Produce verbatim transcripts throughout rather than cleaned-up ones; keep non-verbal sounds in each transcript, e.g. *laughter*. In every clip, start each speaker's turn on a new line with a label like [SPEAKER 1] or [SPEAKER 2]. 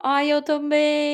[SPEAKER 1] Ai eu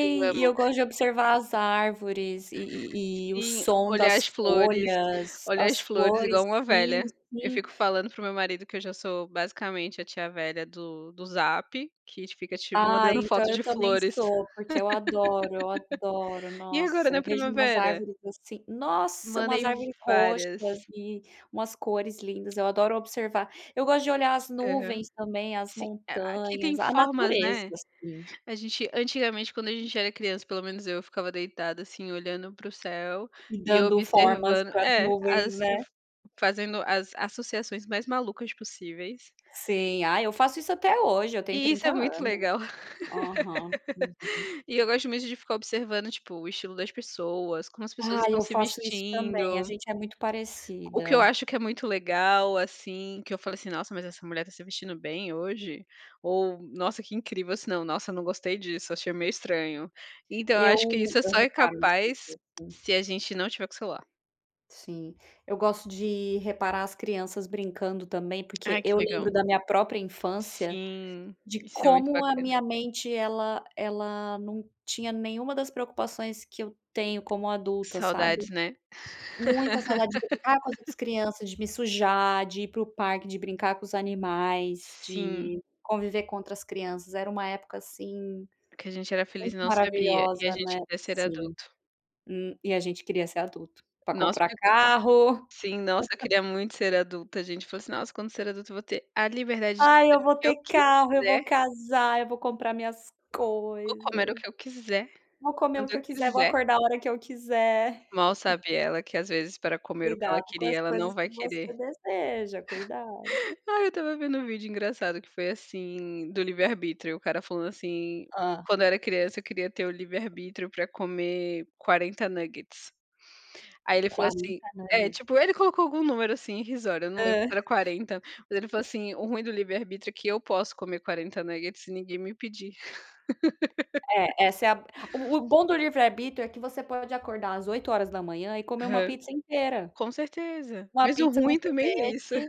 [SPEAKER 2] Eu
[SPEAKER 1] e
[SPEAKER 2] amo.
[SPEAKER 1] eu gosto de
[SPEAKER 2] *laughs*
[SPEAKER 1] observar as árvores e e e o
[SPEAKER 2] Sim,
[SPEAKER 1] som
[SPEAKER 2] olhar as
[SPEAKER 1] das
[SPEAKER 2] flores
[SPEAKER 1] folhas,
[SPEAKER 2] olhar as
[SPEAKER 1] as
[SPEAKER 2] flores
[SPEAKER 1] flores
[SPEAKER 2] igual uma velha,
[SPEAKER 1] Sim,
[SPEAKER 2] eu
[SPEAKER 1] sim.
[SPEAKER 2] fico falando para o meu marido que eu já sou basicamente a tia velha do do zap, que fica te
[SPEAKER 1] Ai
[SPEAKER 2] mandando
[SPEAKER 1] então
[SPEAKER 2] foto
[SPEAKER 1] eu
[SPEAKER 2] de
[SPEAKER 1] também
[SPEAKER 2] flores.
[SPEAKER 1] sou porque eu adoro, eu adoro,
[SPEAKER 2] *laughs* E agora
[SPEAKER 1] nossa,
[SPEAKER 2] na
[SPEAKER 1] eu vejo umas
[SPEAKER 2] primavera?
[SPEAKER 1] árvores assim, nossa, umas
[SPEAKER 2] Mandei
[SPEAKER 1] árvores
[SPEAKER 2] várias.
[SPEAKER 1] roxas e umas cores lindas, eu adoro observar, eu gosto de olhar as
[SPEAKER 2] Aham,
[SPEAKER 1] nuvens também, as
[SPEAKER 2] sim, é aqui tem
[SPEAKER 1] montanhas, a
[SPEAKER 2] formas,
[SPEAKER 1] natureza,
[SPEAKER 2] né,
[SPEAKER 1] assim.
[SPEAKER 2] a gente antigamente quando a gente era criança, pelo menos eu, ficava deitada assim olhando para o céu,
[SPEAKER 1] E
[SPEAKER 2] e
[SPEAKER 1] dando formas
[SPEAKER 2] observando,
[SPEAKER 1] pra as
[SPEAKER 2] é,
[SPEAKER 1] nuvens,
[SPEAKER 2] as
[SPEAKER 1] né.
[SPEAKER 2] fazendo as associações mais malucas possíveis.
[SPEAKER 1] Sim, ai eu faço isso até hoje, eu tenho
[SPEAKER 2] E isso
[SPEAKER 1] trinta
[SPEAKER 2] é muito
[SPEAKER 1] anos,
[SPEAKER 2] legal.
[SPEAKER 1] aham, aham.
[SPEAKER 2] *laughs* E eu gosto muito de ficar observando tipo o estilo das pessoas, como as pessoas
[SPEAKER 1] Ai
[SPEAKER 2] estão
[SPEAKER 1] eu
[SPEAKER 2] se
[SPEAKER 1] faço isso também, a
[SPEAKER 2] vestindo.
[SPEAKER 1] gente é muito
[SPEAKER 2] O que eu
[SPEAKER 1] parecida.
[SPEAKER 2] acho que é muito legal, assim, que eu falei assim: "Nossa, mas essa mulher tá se vestindo bem hoje", ou nossa que incrível assim não, nossa não gostei disso, achei meio estranho, então eu
[SPEAKER 1] Eu
[SPEAKER 2] acho que isso
[SPEAKER 1] eu
[SPEAKER 2] só é
[SPEAKER 1] reparo nas
[SPEAKER 2] capaz
[SPEAKER 1] pessoas, sim.
[SPEAKER 2] se a gente não estiver com o celular.
[SPEAKER 1] Sim, eu gosto de reparar as crianças brincando também, porque
[SPEAKER 2] Ai que
[SPEAKER 1] eu
[SPEAKER 2] legal.
[SPEAKER 1] lembro da minha própria infância,
[SPEAKER 2] Sim,
[SPEAKER 1] de
[SPEAKER 2] isso é muito
[SPEAKER 1] como a
[SPEAKER 2] bacana.
[SPEAKER 1] minha mente, ela ela não tinha nenhuma das preocupações que eu tenho como adulta, sabe.
[SPEAKER 2] Saudades, né.
[SPEAKER 1] Muita saudade de brincar com as outras
[SPEAKER 2] *laughs*
[SPEAKER 1] crianças, de me sujar, de ir para o parque, de brincar com os animais,
[SPEAKER 2] Sim.
[SPEAKER 1] de conviver com outras crianças. Era uma época assim,
[SPEAKER 2] Porque a gente era feliz
[SPEAKER 1] muito
[SPEAKER 2] e não sabia, e a
[SPEAKER 1] maravilhosa, né.
[SPEAKER 2] gente queria ser
[SPEAKER 1] Sim,
[SPEAKER 2] adulto.
[SPEAKER 1] hum, e a gente queria ser adulto, pra
[SPEAKER 2] Nossa,
[SPEAKER 1] comprar
[SPEAKER 2] porque quan
[SPEAKER 1] carro.
[SPEAKER 2] sim, nossa, eu
[SPEAKER 1] *laughs*
[SPEAKER 2] queria muito ser adulta, a gente falou assim: "Nossa, quando ser adulta eu vou ter a liberdade de
[SPEAKER 1] Ai eu
[SPEAKER 2] fazer o
[SPEAKER 1] vou
[SPEAKER 2] que
[SPEAKER 1] ter
[SPEAKER 2] eu
[SPEAKER 1] carro, eu vou
[SPEAKER 2] quiser".
[SPEAKER 1] casar, eu vou comprar minhas
[SPEAKER 2] "Eu vou comer o
[SPEAKER 1] coisas,
[SPEAKER 2] que eu quiser,
[SPEAKER 1] vou comer o
[SPEAKER 2] quando
[SPEAKER 1] que
[SPEAKER 2] eu
[SPEAKER 1] eu quiser, vou
[SPEAKER 2] quiser".
[SPEAKER 1] acordar a hora que eu quiser.
[SPEAKER 2] Mal sabe
[SPEAKER 1] *laughs*
[SPEAKER 2] ela que às vezes para comer o que ela
[SPEAKER 1] Cuidado com
[SPEAKER 2] queria
[SPEAKER 1] as
[SPEAKER 2] ela não
[SPEAKER 1] coisas
[SPEAKER 2] vai
[SPEAKER 1] que você
[SPEAKER 2] querer.
[SPEAKER 1] deseja, cuidado.
[SPEAKER 2] Aí eu estava vendo um vídeo engraçado que foi assim, do livre arbítrio, o cara falando assim:
[SPEAKER 1] Hã.
[SPEAKER 2] "Quando eu era criança eu queria ter o livre arbítrio pra comer quarenta nuggets". Aí ele falou assim,
[SPEAKER 1] quarenta
[SPEAKER 2] é
[SPEAKER 1] *unintelligible*
[SPEAKER 2] tipo ele colocou algum número assim irrisório, não lembro se
[SPEAKER 1] Hã.
[SPEAKER 2] era quarenta, mas ele falou assim: "O ruim do livre arbítrio é que eu posso comer quarenta sem ninguém me impedir".
[SPEAKER 1] É,
[SPEAKER 2] *laughs*
[SPEAKER 1] essa é a o bom do livre arbítrio, é que você pode acordar às oito horas da manhã e comer uma
[SPEAKER 2] Aham,
[SPEAKER 1] pizza inteira,
[SPEAKER 2] com certeza,
[SPEAKER 1] uma
[SPEAKER 2] mesmo
[SPEAKER 1] pizza com
[SPEAKER 2] ruim também é isso.
[SPEAKER 1] sorvete,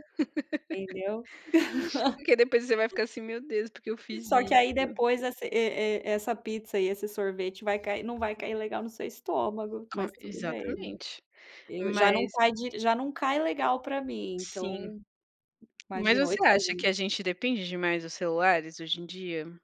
[SPEAKER 1] entendeu?
[SPEAKER 2] Porque depois você vai
[SPEAKER 1] *laughs*
[SPEAKER 2] ficar assim meu Deus, por que eu fiz
[SPEAKER 1] Só que aí
[SPEAKER 2] isso?
[SPEAKER 1] depois e e essa pizza e esse sorvete vai cair não vai cair legal no seu estômago,
[SPEAKER 2] Com
[SPEAKER 1] mas tudo bem,
[SPEAKER 2] exatamente,
[SPEAKER 1] eu já não
[SPEAKER 2] mas
[SPEAKER 1] cai de já não cai legal pra mim
[SPEAKER 2] Sim,
[SPEAKER 1] então,
[SPEAKER 2] mas
[SPEAKER 1] imagina oito
[SPEAKER 2] você
[SPEAKER 1] horas da
[SPEAKER 2] acha que
[SPEAKER 1] manhã.
[SPEAKER 2] a gente depende demais dos celulares hoje em dia?